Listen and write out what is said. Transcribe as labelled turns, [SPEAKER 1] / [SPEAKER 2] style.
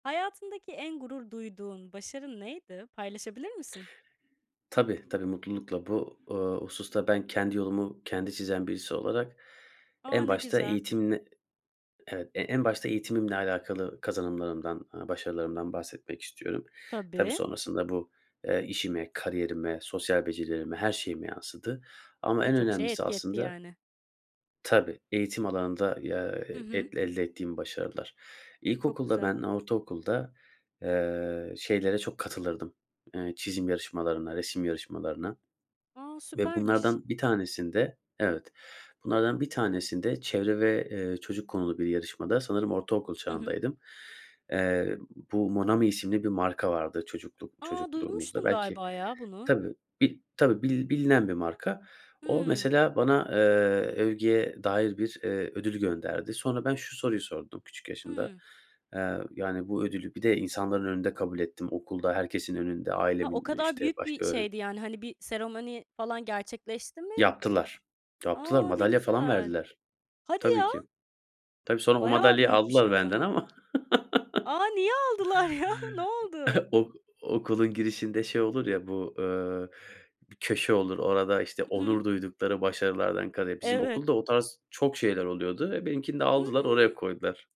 [SPEAKER 1] Hayatındaki en gurur duyduğun başarın neydi, paylaşabilir misin?
[SPEAKER 2] Tabii tabii, mutlulukla. Bu, ııı, hususta ben kendi yolumu kendi çizen birisi olarak,
[SPEAKER 1] A,
[SPEAKER 2] en
[SPEAKER 1] ne
[SPEAKER 2] başta
[SPEAKER 1] güzel.
[SPEAKER 2] eğitimine evet, en başta eğitimimle alakalı kazanımlarımdan, ııı, başarılarımdan bahsetmek istiyorum. Tabii
[SPEAKER 1] Tabii.
[SPEAKER 2] sonrasında bu, eee, işime, kariyerime, sosyal becerilerime, her şeyime yansıdı ama en
[SPEAKER 1] Birçok şeye
[SPEAKER 2] önemlisi
[SPEAKER 1] etki etti,
[SPEAKER 2] aslında
[SPEAKER 1] yani.
[SPEAKER 2] tabii eğitim alanında, y aaa,
[SPEAKER 1] Hı hı.
[SPEAKER 2] el elde ettiğim başarılar.
[SPEAKER 1] Çok
[SPEAKER 2] İlkokulda,
[SPEAKER 1] güzel.
[SPEAKER 2] ben ortaokulda, eee, şeylere çok katılırdım, eee, çizim yarışmalarına, resim yarışmalarına
[SPEAKER 1] A,
[SPEAKER 2] ve
[SPEAKER 1] süpermiş.
[SPEAKER 2] bunlardan bir tanesinde, evet, bunlardan bir tanesinde çevre ve, eee, çocuk konulu bir yarışmada, sanırım ortaokul
[SPEAKER 1] Hı hı.
[SPEAKER 2] çağındaydım. Eee, bu Monami isimli bir marka vardı, çocukluk
[SPEAKER 1] A,
[SPEAKER 2] çocukluğumuzda
[SPEAKER 1] duymuştum
[SPEAKER 2] belki.
[SPEAKER 1] galiba ya bunu.
[SPEAKER 2] Tabii, bir tabii, bil bilinen bir marka. O
[SPEAKER 1] Hıı.
[SPEAKER 2] mesela bana, eee, övgüye dair bir, eee, ödül gönderdi. Sonra ben şu soruyu sordum küçük yaşımda;
[SPEAKER 1] Hıı.
[SPEAKER 2] eee, yani bu ödülü, bir de insanların önünde kabul ettim okulda, herkesin önünde,
[SPEAKER 1] Ha, o
[SPEAKER 2] ailemin,
[SPEAKER 1] kadar
[SPEAKER 2] işte,
[SPEAKER 1] büyük bir
[SPEAKER 2] başka öğren
[SPEAKER 1] şeydi yani. Hani bir seremoni falan gerçekleşti mi?
[SPEAKER 2] Yaptılar. Yaptılar,
[SPEAKER 1] A, ne
[SPEAKER 2] madalya falan
[SPEAKER 1] güzel.
[SPEAKER 2] verdiler.
[SPEAKER 1] Hadi
[SPEAKER 2] Tabii
[SPEAKER 1] ya.
[SPEAKER 2] ki. Tabii sonra o
[SPEAKER 1] Bayağı
[SPEAKER 2] madalyayı
[SPEAKER 1] büyük bir şey
[SPEAKER 2] aldılar
[SPEAKER 1] o
[SPEAKER 2] benden
[SPEAKER 1] zaman.
[SPEAKER 2] ama.
[SPEAKER 1] A, niye aldılar ya? Ne oldu?
[SPEAKER 2] Ok okulun girişinde şey olur ya, bu, ııı, köşe olur, orada, işte,
[SPEAKER 1] Hı hı.
[SPEAKER 2] onur duydukları başarılardan kare, bizim
[SPEAKER 1] Evet.
[SPEAKER 2] okulda, o tarz çok şeyler oluyordu. E, benimkini de
[SPEAKER 1] Hıı.
[SPEAKER 2] aldılar, oraya koydular.